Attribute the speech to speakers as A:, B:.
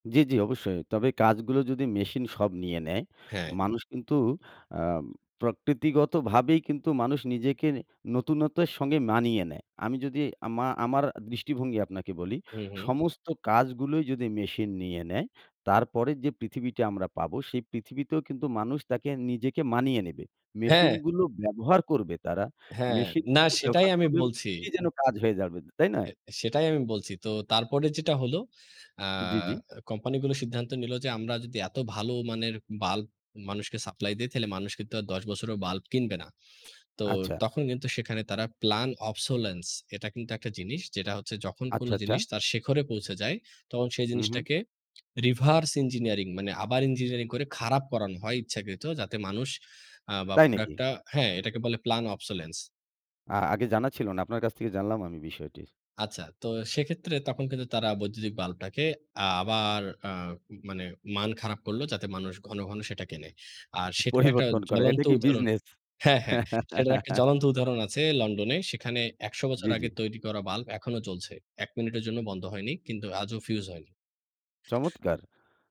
A: জি, জি অবশ্যই। তবে কাজগুলো যদি মেশিন সব নিয়ে নেয়,
B: হ্যাঁ।
A: মানুষ কিন্তু আ প্রকৃতিগতভাবেই কিন্তু মানুষ নিজেকে নতুনত্বের সঙ্গে মানিয়ে নেয়। আমি যদি আমা আমার দৃষ্টিভঙ্গি আপনাকে বলি,
B: হু, হু।
A: সমস্ত কাজগুলোই যদি মেশিন নিয়ে নেয়, তারপরের যে পৃথিবীটা আমরা পাবো সেই পৃথিবীতেও কিন্তু মানুষ তাকে নিজেকে মানিয়ে নেবে।
B: হ্যাঁ।
A: মেশিনগুলো ব্যবহার করবে তারা।
B: হ্যাঁ, না
A: মেশিনগুলো
B: সেটাই
A: ব্যবহার
B: আমি
A: করবে
B: বলছি
A: [unintelligible] যেন কাজ হয়ে যাবে। তাই না?
B: এ সেটাই আমি বলছি। তো তারপরে যেটা হলো। আ
A: জি, জি।
B: কোম্পানিগুলো সিদ্ধান্ত নিলো যে আমরা যদি এত ভালো মানের বাল্ব মানুষকে সাপ্লাই দেই তাহলে মানুষ কিন্তু আর ১০ বছরেও বাল্ব কিনবে না। তো
A: আচ্ছা।
B: তখন কিন্তু সেখানে তারা প্লান অবসোলেন্স এটা কিন্তু একটা জিনিস যেটা হচ্ছে যখন কোন
A: আচ্ছা, আচ্ছা।
B: জিনিস তার শেখরে পৌঁছে যায়, তখন সেই
A: হু, হু।
B: জিনিসটাকে রিভার্স ইঞ্জিনিয়ারিং মানে আবার ইঞ্জিনিয়ারিং করে খারাপ করানো হয় ইচ্ছাকৃত যাতে মানুষ আ বা
A: তাই নাকি?
B: প্রোডাক্টটা হ্যাঁ, এটাকে বলে প্লান অবসোলেন্স
A: আ আগে জানা ছিল না। আপনার কাছ থেকে জানলাম আমি বিষয়টি।
B: আচ্ছা, তো সেক্ষেত্রে তখন কিন্তু তারা বৈদ্যুতিক বাল্বটাকে আ আবার অ্যাঁ মানে মান খারাপ করল যাতে মানুষ ঘন, ঘন কেনে। আর সেটার একটা
A: পরিবর্তন করা।
B: জ্বলন্ত
A: এটা কি
B: উদাহরণ
A: বিজনেস?
B: হ্যাঁ হ্যাঁ, সেটার একটা জ্বলন্ত উদাহরণ আছে লন্ডনে। সেখানে ১০০ বছর
A: জি, জি।
B: আগে তৈরি করা বাল্ব এখনো জ্বলছে। ১ মিনিটের জন্য বন্ধ হয়নি। কিন্তু আজও ফিউজ হয়নি।
A: চমৎকার।